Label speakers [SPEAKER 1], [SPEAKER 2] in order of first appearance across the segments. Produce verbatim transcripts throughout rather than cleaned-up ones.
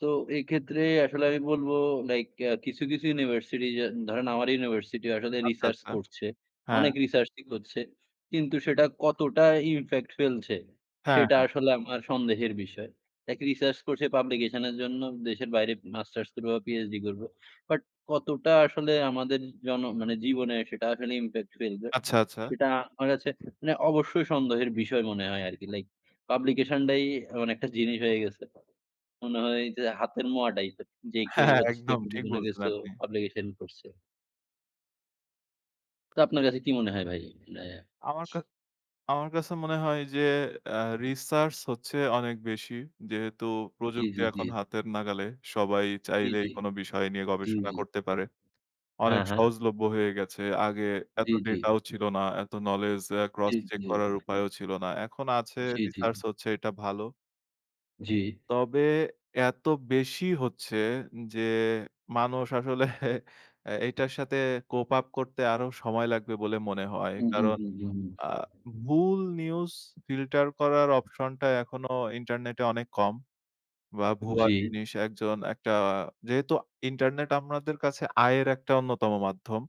[SPEAKER 1] তো, এক্ষেত্রে আসলে আমি বলবো লাইক অ্যা কিছু, কিছু ইউনিভার্সিটি, যা ধরেন আমার ইউনিভার্সিটি আসলে
[SPEAKER 2] আচ্ছা,
[SPEAKER 1] research
[SPEAKER 2] আচ্ছা।
[SPEAKER 1] করছে।
[SPEAKER 2] হ্যাঁ।
[SPEAKER 1] অনেক research ই করছে। কিন্তু সেটা কতটা impact ফেলছে।
[SPEAKER 2] হ্যাঁ,
[SPEAKER 1] সেটা
[SPEAKER 2] হ্যাঁ।
[SPEAKER 1] আসলে আমার সন্দেহের বিষয়। লাইক research করছে publication এর জন্য। দেশের বাইরে মাস্টার্স করব বা PhD করব। বাট কতটা আসলে আমাদের জন মানে জীবনে সেটা আসলে impact ফেলবে।
[SPEAKER 2] আচ্ছা, আচ্ছা।
[SPEAKER 1] সেটা আমার কাছে মানে অবশ্যই সন্দেহের বিষয় মনে হয় আরকি। লাইক, publication ডাই এমন একটা জিনিস হয়ে গেছে। মনে হয় যে হাতের মোয়া টাইপের। যে
[SPEAKER 2] হ্যাঁ,
[SPEAKER 1] কেউ
[SPEAKER 2] হ্যাঁ।
[SPEAKER 1] হচ্ছে যে
[SPEAKER 2] একদম ঠিক
[SPEAKER 1] কিছু না
[SPEAKER 2] বলছেন,
[SPEAKER 1] কিছু
[SPEAKER 2] আপনি।
[SPEAKER 1] publication করছে। তো আপনার কাছে কি মনে হয় ভাই? মানে
[SPEAKER 2] আমার কা আমার কাছে মনে হয় যে আ research হচ্ছে অনেক বেশি। যেহেতু
[SPEAKER 1] জ্বী,
[SPEAKER 2] প্রযুক্তি
[SPEAKER 1] জ্বী, জ্বী।
[SPEAKER 2] এখন হাতের নাগালে। সবাই
[SPEAKER 1] জ্বী,
[SPEAKER 2] চাইলেই
[SPEAKER 1] জ্বী,
[SPEAKER 2] কোন বিষয় নিয়ে
[SPEAKER 1] জ্বী,
[SPEAKER 2] গবেষণা
[SPEAKER 1] জ্বী।
[SPEAKER 2] করতে পারে।
[SPEAKER 1] হ্যাঁ,
[SPEAKER 2] অনেক
[SPEAKER 1] হ্যাঁ।
[SPEAKER 2] সহজলভ্য হয়ে গেছে। আগে এত
[SPEAKER 1] জ্বী, জ্বী।
[SPEAKER 2] ডেটা ও ছিল না, এত knowledge অ্যা
[SPEAKER 1] জ্বী,
[SPEAKER 2] cross-check
[SPEAKER 1] জ্বী।
[SPEAKER 2] করার উপায়ও ছিল না। এখন আছে
[SPEAKER 1] জ্বী, জ্বী।
[SPEAKER 2] research হচ্ছে এটা ভালো।
[SPEAKER 1] জ্বী।
[SPEAKER 2] তবে এত বেশি হচ্ছে যে, মানুষ আসলে অ্যা এটার সাথে cope up করতে আরো সময় লাগবে বলে মনে হয়।
[SPEAKER 1] উহু,
[SPEAKER 2] কারণ
[SPEAKER 1] হু, হু, হু।
[SPEAKER 2] আ ভুল news filter করার অপশনটা এখনো ইন্টারনেটে অনেক কম। বা ভুয়া
[SPEAKER 1] জ্বী।
[SPEAKER 2] জিনিস একজন একটা যেহেতু ইন্টারনেট আমরাদের কাছে আয়ের একটা অন্যতম মাধ্যম।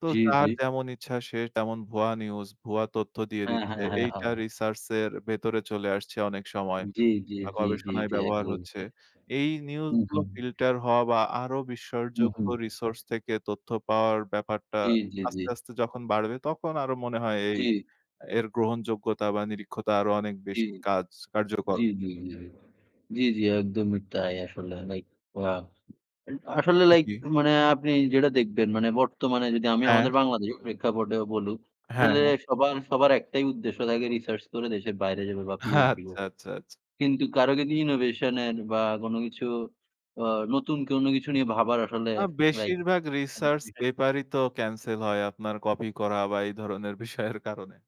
[SPEAKER 2] তো
[SPEAKER 1] জ্বী,
[SPEAKER 2] যার
[SPEAKER 1] জ্বী।
[SPEAKER 2] যেমন ইচ্ছা সে তেমন ভুয়া নিউজ, ভুয়া তথ্য দিয়ে
[SPEAKER 1] হ্যাঁ,
[SPEAKER 2] দিচ্ছে।
[SPEAKER 1] হ্যাঁ, হ্যাঁ,
[SPEAKER 2] এইটা
[SPEAKER 1] হ
[SPEAKER 2] research এর ভেতরে চলে আসছে অনেক সময
[SPEAKER 1] জ্বী, জ্বী,
[SPEAKER 2] বা
[SPEAKER 1] জ্বী, জ্বী,
[SPEAKER 2] গবেষণায়
[SPEAKER 1] জ্বী।
[SPEAKER 2] ব্যবহার
[SPEAKER 1] একদম।
[SPEAKER 2] হচ্ছে।
[SPEAKER 1] অ্যা
[SPEAKER 2] এই নিউজ
[SPEAKER 1] হুম,
[SPEAKER 2] গুলো
[SPEAKER 1] হুম।
[SPEAKER 2] ফিল্টার হওয়া বা আরো
[SPEAKER 1] হু, হু।
[SPEAKER 2] বিশ্বাসযোগ্য resource থেকে তথ্য পাওয়ার ব্যাপারটা
[SPEAKER 1] জ্বী, জ্বী, জ্বী।
[SPEAKER 2] আস্তে, আস্তে যখন বাড়বে। তখন আরো মনে হয় এই
[SPEAKER 1] জ্বী।
[SPEAKER 2] এর গ্রহণযোগ্যতা বা নিরীক্ষতা আরো অনেক
[SPEAKER 1] জ্বী,
[SPEAKER 2] বেশি কাজ কার্যকর
[SPEAKER 1] জ্বী, জ্বী, জ্বী, জ্বী। একদমই তাই। আসলে লাইক ওয়া আসলে লাইক
[SPEAKER 2] জ্বী।
[SPEAKER 1] মানে আপনি যেটা দেখবেন মানে বর্তমানে যদি আমি
[SPEAKER 2] অ্যা
[SPEAKER 1] আমাদের বাংলাদেশের প্রেক্ষাপটে বলুক,
[SPEAKER 2] হ্যাঁ,
[SPEAKER 1] আসলে
[SPEAKER 2] হ্যাঁ।
[SPEAKER 1] সবার, সবার একটাই উদ্দেশ্য থাকে research করে দেশের বাইরে যাবে বা PhD
[SPEAKER 2] আচ্ছা,
[SPEAKER 1] করবে।
[SPEAKER 2] আচ্ছা, আচ্ছা।
[SPEAKER 1] কিন্তু কারো গদি innovation এর বা কোন কিছু অ নতুন কোনো কিছু নিয়ে ভাবার আসলে
[SPEAKER 2] না।
[SPEAKER 1] লাইক
[SPEAKER 2] বেশিরভাগ research
[SPEAKER 1] [unintelligible]
[SPEAKER 2] paper ই তো cancel হয় আপনার কপি করা বা এই ধরনের বিষয়ের কারণে।